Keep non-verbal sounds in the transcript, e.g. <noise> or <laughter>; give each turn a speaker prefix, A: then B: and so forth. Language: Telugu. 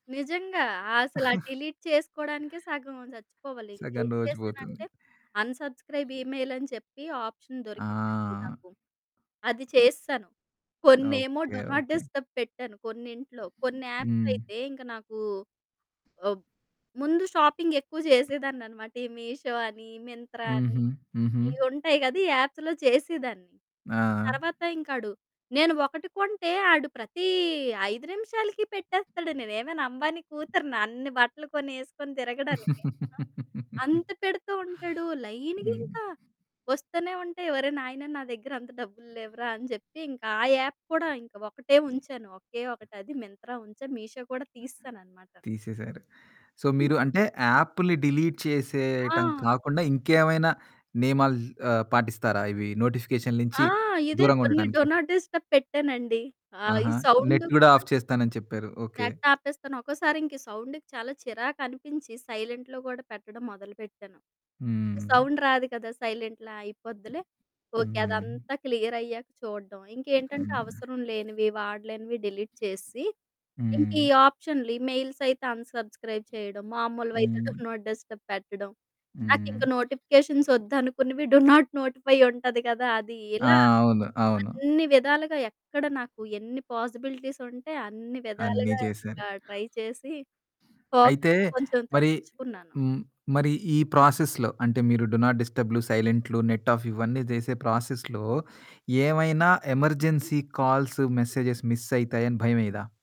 A: నిజంగా. అసలు ఆ
B: <chuckles>
A: డిలీట్ చేసుకోడానికే సగం చచ్చిపోవాలి,
B: సగం
A: ఏం
B: రోజు పోతుంది.
A: చేశానంటే అన్సబ్స్క్రైబ్ ఈమెయిల్ అని చెప్పి ఆప్షన్ దొరికిందండి
B: ఆ!
A: నాకు, అది చేసెశాను. కొన్నేమో
B: okay.
A: Do not
B: okay.
A: Disturb పెట్టాను కొన్నింట్లో. కొన్ని యాప్స్
B: హ్మ్.
A: అయితే ఇంక నాకు ఆహ్, ముందు షాపింగ్ ఎక్కువ చేసేదాన్నన్నమాట. ఈ మీషో అని, మింత్రా అని
B: హుహు. హుహు.
A: ఇయి ఉంటాయి కదా! ఈ యాప్స్‌లో చేసేదాన్ని.
B: ఆ!
A: తర్వాత ఇంకా అడు నేను ఒకటి కొంటే, ఆడు ప్రతి 5 నిమిషాలకి పెట్టేస్తాడు, నేనేమైనా 'అంబానీ' కూతుర్నా? అన్ని బట్టలు కొని, ఏసుకొని తిరగడానికి. ఆ!
B: <laughs>
A: అంత పెడుతూ ఉంటాడు, లైన్‌గా
B: హ్మ్.
A: ఇంకా వస్తూనే ఉంటాయి. ఒరేయ్! నాయనా నా దగ్గర అంత డబ్బులు లేవురా, అని చెప్పి, ఇంకా ఆ యాప్ కూడా ఒకటే ఉంచాను, ఒకే ఒకటి అది మింత్రా ఉంచాను, మీషో కూడా తీసేసాననమాట.
B: తీసేసారు. సో, మీరు అంటే యాప్లు డిలీట్ చేసేయటం
A: ఆ!
B: కాకుండా, ఇంకేమైనా నియమాలు ఆహ్, పాటిస్తారా? ఇవి నోటిఫికేషన్ నుంచి
A: ఆ! ఇదే
B: దూరంగా
A: కొన్ని డు
B: ఉండటానికి.
A: నాట్ డిస్టర్బ్ పెట్టానండి. ఆహ్, ఈ
B: ఆహా!
A: సౌండ్.
B: నెట్ గూడా
A: కూడా
B: ఆఫ్ చేస్తాను అని చెప్పారు. ఓకె.
A: నెట్ ఆపేస్తాను, ఒక్కోసారి ఇంక ఈ సౌండ్‌కి చాలా చిరాకు అనిపించి సైలెంట్‌లో కూడా పెట్టడం మొదలుపెట్టాను. ఇగా
B: హ్మ్.
A: సౌండ్ రాదు కదా! సైలెంట్‌లో అయిపోద్దిలే, ఓకె
B: హ్మ్.
A: అదంతా క్లియర్ అయ్యాక చూడ్డం. ఇంకేంటంటే
B: హ్మ్.
A: అవసరం లేనివి, వాడలేనివి డిలీట్ చేసి. ఇంకా ఈ
B: హ్మ్.
A: ఆప్షన్లు ఈమెయిల్స్ అయితే అన్సబ్స్క్రైబ్ చేయడం. మామూలువి అయితే
B: హ్మ్.
A: డు నాట్ డిస్టర్బ్ పెట్టడం.
B: హ్మ్.
A: నాకింక నోటిఫికేషన్స్ వద్దనుకున్నవి డు నాట్ నోటిఫై ఉంటుంది కదా! అది.
B: ఆ!
A: ఇలా
B: అవును. అవును.
A: అన్ని విధాలుగా ఎక్కడ నాకు ఎన్ని పాసిబిలిటీస్ ఉంటే, అన్ని
B: అన్నీ
A: విధాలుగా
B: చేశారు.
A: ఇంకా, ట్రై చేసి, ఫోకస్
B: అయితే
A: కొంచెం
B: మరి
A: తగ్గించుకున్నాను.
B: హ్మ్, మరి ఈ ప్రాసెస్‌లో అంటే మీరు డు నాట్‌ డిస్టర్బ్‌లు, సైలెంట్లు నెట్ ఆఫ్ ఇవన్నీ చేసే ప్రాసెస్‌లో ఏమైనా ఎమర్జెన్సీ కాల్స్, మెసేజెస్ మిస్ అయితాయని భయమేయదా?